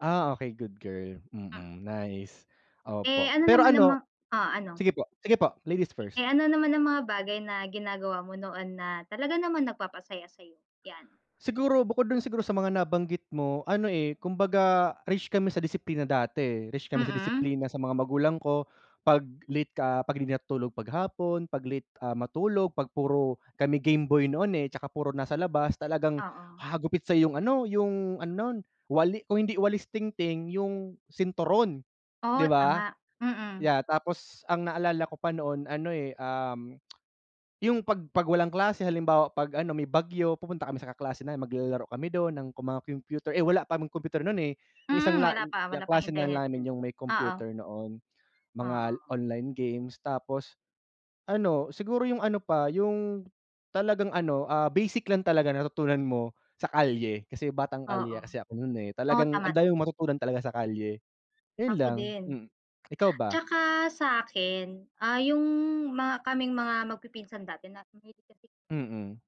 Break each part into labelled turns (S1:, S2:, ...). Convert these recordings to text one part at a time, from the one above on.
S1: Ah, okey good girl,
S2: M
S1: mm, nice
S2: Eh,
S1: opo.
S2: ano
S1: Pero
S2: naman ang mga
S1: ano,
S2: oh, ano?
S1: sige po, sige po, ladies first.
S2: Eh, ano naman ang mga bagay na ginagawa mo noon na talaga naman nagpapasaya sa'yo? 'Yan.
S1: Siguro bukod do'n siguro sa mga nabanggit mo, ano, eh, kumbaga rich kami sa disiplina dati, eh, rich kami sa
S2: Mm.
S1: disiplina sa mga magulang ko. 'Pag late ka, 'pag di natulog pag hapon, 'pag late, ah, matulog, 'pag puro kami game boy noon, eh, 'tsaka puro nasa labas talagang
S2: Oo.
S1: hahagupit sa yung ano, yung ano, no'n wali kung hindi walis ting-ting yung sinturon,
S2: Oh,
S1: di ba?
S2: tama, mm.
S1: Yeah, tapos ang naalala ko pa noon ano, eh, um, yung 'pag 'pag walang klase halimbawa pag ano, may bagyo pupunta kami sa kaklase namin maglalaro kami do'n ng mga computer, eh, wala pa computer no'n, eh. Yung
S2: Hmm,
S1: isang la
S2: wala pa, wala pang
S1: kaklase na
S2: internet
S1: namin
S2: din,
S1: yung may
S2: oo.
S1: computer noon. Mga
S2: Oo.
S1: online games tapos ano, siguro yung ano pa, yung talagang ano, ah, basic lang talaga natutunan mo sa kalye kasi batang
S2: Oo,
S1: kalye kasi ako no'n, eh.
S2: oo
S1: Talagang
S2: tama, tama.
S1: matutunan talaga sa kalye, yun
S2: Ako
S1: lang,
S2: din.
S1: mm. Ikaw ba?
S2: Tsaka sa akin, ah, yung mga kaming mga magpipinsan dati na mahilig kasi
S1: Mm.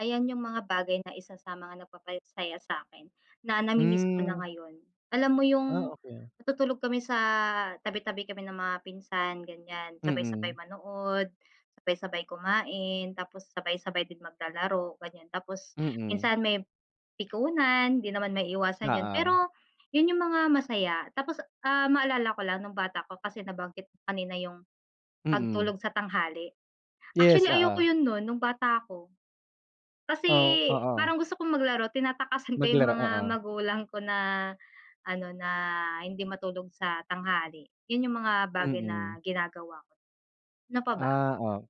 S2: Ayan yung mga bagay na isa sa mga nagpapasaya sa'kin, na nami-miss ko na
S1: Hmm.
S2: ngayon. Alam mo
S1: Ah,
S2: yung
S1: okey.
S2: matutulog kami sa tabi-tabi kami ng mga pinsan gan'yan,
S1: Mm.
S2: sabay-sabay manood, sabay-sabay kumain, tapos sabay-sabay din maglalaro gan'yan. Tapos
S1: Mm.
S2: minsan may pikunan, di naman maiiwasan 'yon
S1: Oo.
S2: pero yun yung mga masaya. Tapos ah, maalala ko lang nung bata ko kasi nabanggit mo kanina yung
S1: Mm.
S2: pagtulog sa tanghali.
S1: Yes,
S2: Actually, ayoko
S1: oo.
S2: 'yon no'n no'ng bata ako. Kasi
S1: Oh, oo.
S2: parang gusto kong maglaro tinatakasan ko yung
S1: Maglaro,
S2: mga
S1: oo.
S2: magulang ko na ano na hindi matulog sa tanghali, yun yung mga bagay
S1: Mm.
S2: na ginagawa ko. Ano pa ba?
S1: Ah, oo.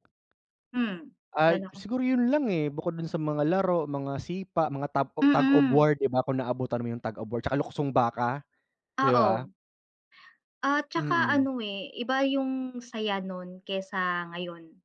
S2: Hmm, wala
S1: Ay,
S2: na ako
S1: siguro yun lang, eh. Bukod dun sa mga laro, mga sipa, mga top tug of
S2: Mm.
S1: war, di ba kung naabutan mo yung tug of war tsaka luksong baka, di ba?
S2: Oo. At saka
S1: Mm.
S2: ano, eh, iba yung saya no'n kaysa ngayon.